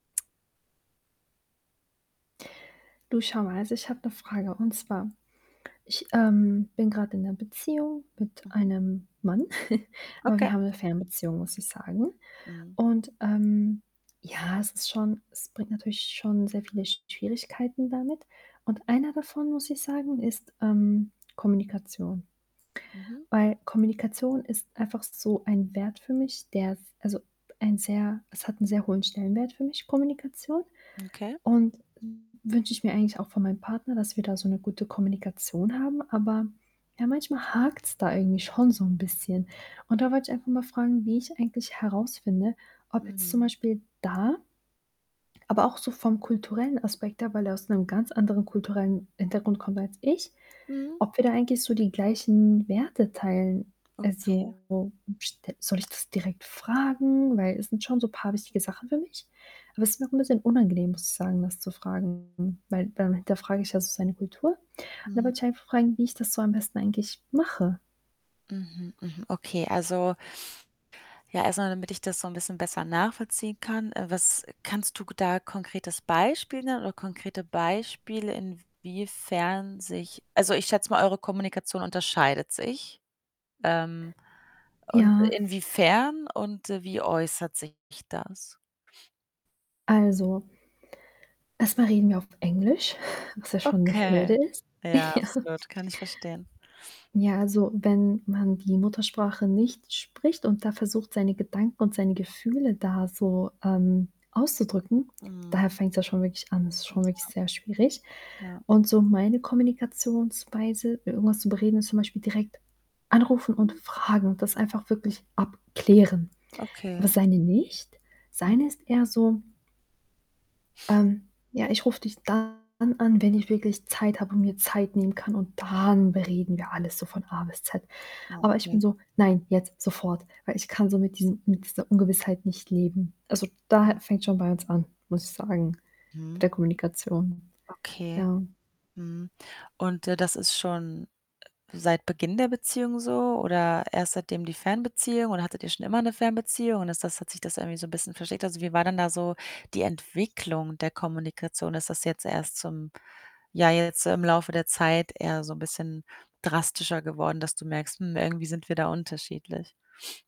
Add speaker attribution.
Speaker 1: Du, schau mal, also, ich habe 'ne Frage, und zwar: Ich, ähm, bin grad in 'ner Beziehung mit
Speaker 2: Mhm.
Speaker 1: einem Mann, aber
Speaker 2: Okay.
Speaker 1: wir haben 'ne Fernbeziehung, muss ich sagen.
Speaker 2: Mhm.
Speaker 1: Und, ähm, ja, es ist schon es bringt natürlich schon sehr viele Schwierigkeiten damit. Und einer davon, muss ich sagen, ist, ähm, Kommunikation.
Speaker 2: Mhm.
Speaker 1: Weil Kommunikation ist einfach so ein Wert für mich, der s also, ein sehr es hat 'n sehr hohen Stellenwert für mich, Kommunikation.
Speaker 2: Okay.
Speaker 1: Und wünsche ich mir eigentlich auch von meinem Partner, dass wir da so 'ne gute Kommunikation haben, aber ja, manchmal hakt's da irgendwie schon so 'n bisschen. Und da wollte ich einfach mal fragen, wie ich eigentlich herausfinde, ob jetzt zum
Speaker 2: Mhm.
Speaker 1: Beispiel da Aber auch so vom kulturellen Aspekt her, weil er aus 'nem ganz anderen kulturellen Hintergrund kommt als ich,
Speaker 2: Mhm.
Speaker 1: ob wir da eigentlich so die gleichen Werte teilen.
Speaker 2: Okay.
Speaker 1: Also, st soll ich das direkt fragen? Weil es sind schon so paar wichtige Sachen für mich, aber es ist mir auch 'n bisschen unangenehm, muss ich sagen, das zu fragen, weil dann hinterfrage ich ja so seine Kultur. Und da
Speaker 2: Mhm.
Speaker 1: wollte ich einfach fragen, wie ich das so am besten eigentlich mache.
Speaker 2: Mhm, mhm, okay. Also Ja, erst mal, damit ich das so 'n bisschen besser nachvollziehen kann, äh, was kannst du k da konkretes Beispiel nennen oder konkrete Beispiele, inwiefern sich Also, ich schätze mal, eure Kommunikation unterscheidet sich. Ähm, und
Speaker 1: Ja.
Speaker 2: inwiefern und, äh, wie äußert sich das?
Speaker 1: Also Erst mal reden wir auf Englisch, was ja schon 'ne
Speaker 2: Okay.
Speaker 1: Hürde ist.
Speaker 2: Ja,
Speaker 1: Ja.
Speaker 2: absolut. Kann ich verstehen.
Speaker 1: Ja, also, wenn man die Muttersprache nicht spricht, und da versucht, seine Gedanken und seine Gefühle da so, ähm, auszudrücken,
Speaker 2: Mhm.
Speaker 1: da fängt's ja schon wirklich an. Das ist
Speaker 2: M
Speaker 1: schon wirklich
Speaker 2: Ja.
Speaker 1: sehr schwierig.
Speaker 2: Ja.
Speaker 1: Und so meine Kommunikationsweise, i irgendwas zu bereden, ist zum Beispiel direkt anrufen und
Speaker 2: Mhm.
Speaker 1: fragen und das einfach wirklich abklären. Aber
Speaker 2: Okay.
Speaker 1: seine nicht. Seine ist
Speaker 2: Mhm.
Speaker 1: eher so „Ähm, ja, ich rufe dich dann an, wenn ich wirklich Zeit habe und mir Zeit nehmen kann und dann bereden wir alles so von A bis Z.“
Speaker 2: Ah,
Speaker 1: Aber ich
Speaker 2: okay.
Speaker 1: bin so: „Nein, jetzt sofort,“ weil ich kann so mit diesem mit dieser Ungewissheit nicht leben. Also,
Speaker 2: Mhm.
Speaker 1: da fängt's schon bei uns an, muss ich sagen, mit
Speaker 2: Mhm.
Speaker 1: der Kommunikation.
Speaker 2: Okay.
Speaker 1: Ja.
Speaker 2: Mhm. Und, äh, das ist schon, äh, seit Beginn der Beziehung so oder erst seitdem die Fernbeziehung oder hattet ihr schon immer 'ne Fernbeziehung und ist das hat sich das irgendwie so 'n bisschen verschlechtert? Also, wie war denn da so die Entwicklung der Kommunikation? Ist das jetzt erst zum ja, jetzt im Laufe der Zeit eher so 'n bisschen drastischer geworden, dass du merkst: „Mhm, irgendwie sind wir da unterschiedlich.“?